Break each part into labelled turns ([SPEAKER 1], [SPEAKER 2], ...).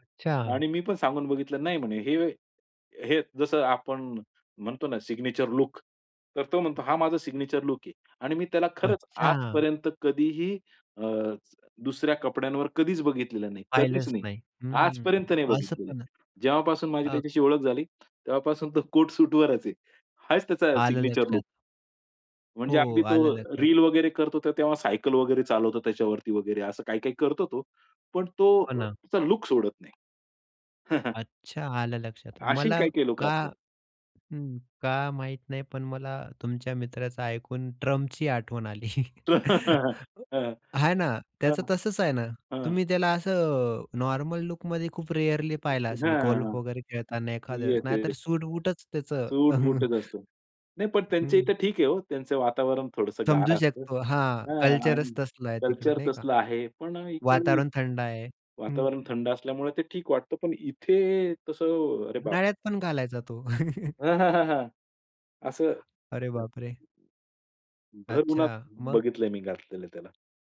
[SPEAKER 1] अच्छा.
[SPEAKER 2] आणि मी पण सांगून बघितलं. नाही म्हणे, हे, हे जसं आपण म्हणतो ना, सिग्नेचर लुक तर तो म्हणतो हा माझा सिग्नेचर लुक आहे. आणि मी त्याला खरंच
[SPEAKER 1] अच्छा.
[SPEAKER 2] आजपर्यंत कधीही अ, दुसऱ्या कपड्यांवर कधीच बघितलेलं नाही. कधीच
[SPEAKER 1] पाहिलंच
[SPEAKER 2] नाही.
[SPEAKER 1] नाही. हं,
[SPEAKER 2] आजपर्यंत नाही
[SPEAKER 1] असं
[SPEAKER 2] बघितलेलं.
[SPEAKER 1] पण.
[SPEAKER 2] जेव्हापासून माझी
[SPEAKER 1] अ
[SPEAKER 2] त्याच्याशी ओळख झाली तेव्हापासून तो कोट सूटवरच आहे. हाच त्याचा
[SPEAKER 1] आलं
[SPEAKER 2] सिग्नेचर
[SPEAKER 1] लक्षात.
[SPEAKER 2] लुक. म्हणजे
[SPEAKER 1] हो,
[SPEAKER 2] अगदी तो
[SPEAKER 1] आलं लक्षात.
[SPEAKER 2] रील वगैरे करतो ते तेव्हा सायकल वगैरे चालवतो त्याच्यावरती वगैरे असं काही-काही करतो तो. पण तो
[SPEAKER 1] हो
[SPEAKER 2] अ,
[SPEAKER 1] ना.
[SPEAKER 2] त्याचा लुक सोडत नाही.
[SPEAKER 1] अच्छा, आलं लक्षात.
[SPEAKER 2] अशी
[SPEAKER 1] मला
[SPEAKER 2] काही-काही लोकं
[SPEAKER 1] का
[SPEAKER 2] असतात.
[SPEAKER 1] हं, का माहित नाही. पण मला तुमच्या मित्राचं ऐकून ट्रम्पची आठवण आली,
[SPEAKER 2] हां.
[SPEAKER 1] हा ना.
[SPEAKER 2] हां.
[SPEAKER 1] त्याचं तसंच आहे ना.
[SPEAKER 2] हां.
[SPEAKER 1] तुम्ही त्याला असं नॉर्मल लुकमध्ये खूप रेअर्ली पाहिलं असेल,
[SPEAKER 2] हां.
[SPEAKER 1] गोल्फ वगैरे खेळताना एखाद्या वेळेस
[SPEAKER 2] येस,
[SPEAKER 1] नाहीतर
[SPEAKER 2] येस.
[SPEAKER 1] सूट-बूटच त्याचं.
[SPEAKER 2] सूट-बूटच असतो. नाही, पण त्यांच्या
[SPEAKER 1] हं.
[SPEAKER 2] इथं ठीक आहे हो. त्यांचं वातावरण थोडंसं गार
[SPEAKER 1] समजू
[SPEAKER 2] असतं.
[SPEAKER 1] शकतो. हां,
[SPEAKER 2] हां आणि
[SPEAKER 1] कल्चरच तसलं आहे तिकडं
[SPEAKER 2] कल्चर
[SPEAKER 1] नाही का.
[SPEAKER 2] तसलं आहे. पण इकडे
[SPEAKER 1] वातावरण थंड आहे. हं.
[SPEAKER 2] वातावरण थंड असल्यामुळे ते ठीक वाटतं. पण इथे तसं, अरे, बापरे!
[SPEAKER 1] उन्हाळ्यात पण घालायचा तो.
[SPEAKER 2] हां, हां, हां, हां. असं
[SPEAKER 1] अरे बापरे!
[SPEAKER 2] भर
[SPEAKER 1] अच्छा,
[SPEAKER 2] उन्हात
[SPEAKER 1] मग?
[SPEAKER 2] बघितलंय मी घातलेलं त्याला.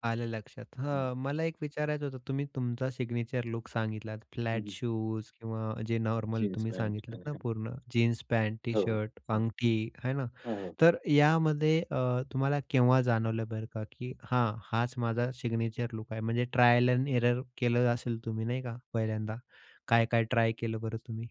[SPEAKER 1] आलं लक्षात.
[SPEAKER 2] हं.
[SPEAKER 1] हां, मला एक विचारायचं होतं, तुम्ही तुमचा सिग्नेचर लुक सांगितलात.
[SPEAKER 2] हं,
[SPEAKER 1] फ्लॅट
[SPEAKER 2] हं.
[SPEAKER 1] शूज किंवा जे नॉर्मल तुम्ही
[SPEAKER 2] जीन्सपँट
[SPEAKER 1] सांगितलंत
[SPEAKER 2] आणि
[SPEAKER 1] ना, पूर्ण जीन्स पँट,
[SPEAKER 2] हो, हो.
[SPEAKER 1] टी-शर्ट,
[SPEAKER 2] हं,
[SPEAKER 1] अंगठी है ना.
[SPEAKER 2] हो, हो.
[SPEAKER 1] तर यामध्ये अ, तुम्हाला केव्हा जाणवलं बरं का की हां, हाच माझा सिग्नेचर लुक आहे. म्हणजे ट्रायल अँड एरर केलं असेल तुम्ही नाही का, पहिल्यांदा काय काय ट्राय केलं बरं तुम्ही?